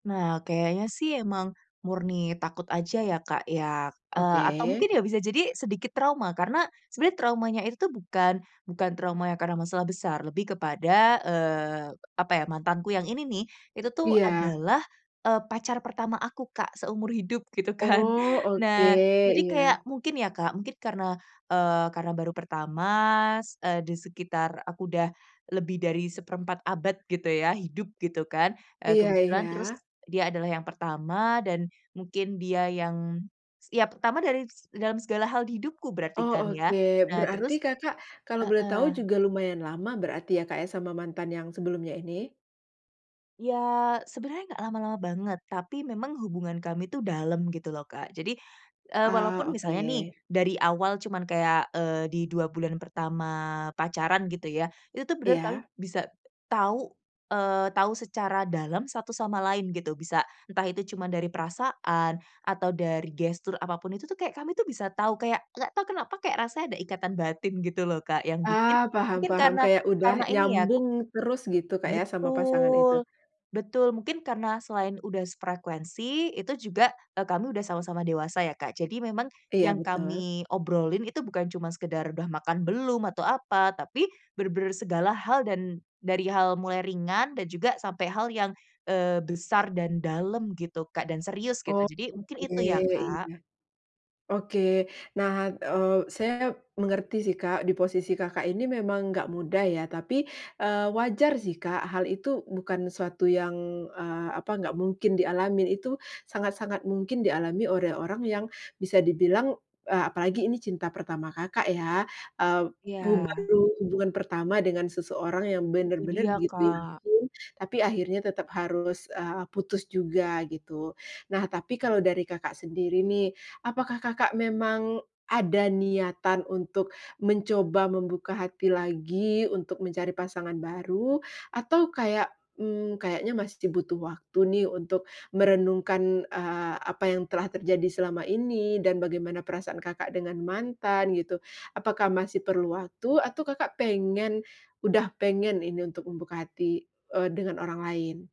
Nah, kayaknya sih emang murni takut aja ya Kak ya, eee, atau Oke. mungkin ya bisa jadi sedikit trauma karena sebenernya traumanya itu tuh bukan bukan trauma yang karena masalah besar lebih kepada, eee, apa ya mantanku yang ini nih, itu tuh Iya. adalah, eee, pacar pertama aku Kak seumur hidup gitu kan. Oh, oke, Nah, jadi kayak iya. mungkin ya Kak, mungkin karena, eee, karena baru pertama, s eee, di sekitar aku udah lebih dari 1/4 abad gitu ya hidup gitu kan. Eee, Iya kebetulan terus iya. dia adalah yang pertama, dan mungkin dia yang setiap pertama dari dalam segala hal di hidupku berarti Oh, kan ya. oke, Nah berarti terus Kakak kalau boleh tahu heeh. juga lumayan lama berarti ya, Kak, ya, sama mantan yang sebelumnya ini? Ya, sebenarnya gak lama-lama banget, tapi memang hubungan kami itu dalam gitu loh Kak, jadi, eee, Ah, walaupun misalnya nih oke. dari awal cuman kayak, eee, di 2 bulan pertama pacaran gitu ya, itu tuh bener kamu Iya. bisa tahu, eee, tahu secara dalam satu sama lain gitu, bisa entah itu cuma dari perasaan, atau dari gestur apa pun itu tuh kayak kami tuh bisa tau, kayak gak tau kenapa kayak rasanya ada ikatan batin gitu loh Kak yang bikin Ah, paham mungkin paham, karena kayak udah karena ini ya nyambung terus gitu Kak ya sama pasangan itu. Betul, betul, mungkin karena selain udah sefrekuensi, itu juga eee, kami udah sama-sama dewasa ya Kak, jadi memang Iya, yang betul. kami obrolin itu bukan cuma sekedar udah makan belum atau apa, tapi bener-bener segala hal dan dari hal mulai ringan dan juga sampai hal yang, eee, besar dan dalam gitu Kak dan serius gitu, Oh, jadi mungkin oke, itu ya Kak. iya. Oke. Nah, eee, saya mengerti sih Kak di posisi Kakak ini memang gak mudah ya tapi, eee, wajar sih Kak hal itu bukan suatu yang, eee, apa gak mungkin dialami itu sangat-sangat mungkin dialami oleh orang yang bisa dibilang, eee, apalagi ini cinta pertama Kakak ya, eee, bu Iya. baru hubungan pertama dengan seseorang yang Itu bener-bener dia begitu Kak. yakin, tapi akhirnya tetap harus, eee, putus juga gitu. Nah, tapi kalau dari Kakak sendiri nih, apakah Kakak memang ada niatan untuk mencoba membuka hati lagi untuk mencari pasangan baru? Atau kayak, mmm, kayaknya masih butuh waktu nih untuk merenungkan, eee, apa yang telah terjadi selama ini dan bagaimana perasaan Kakak dengan mantan, gitu? Apakah masih perlu waktu atau Kakak pengen udah pengen ini untuk membuka hati, eee, dengan orang lain?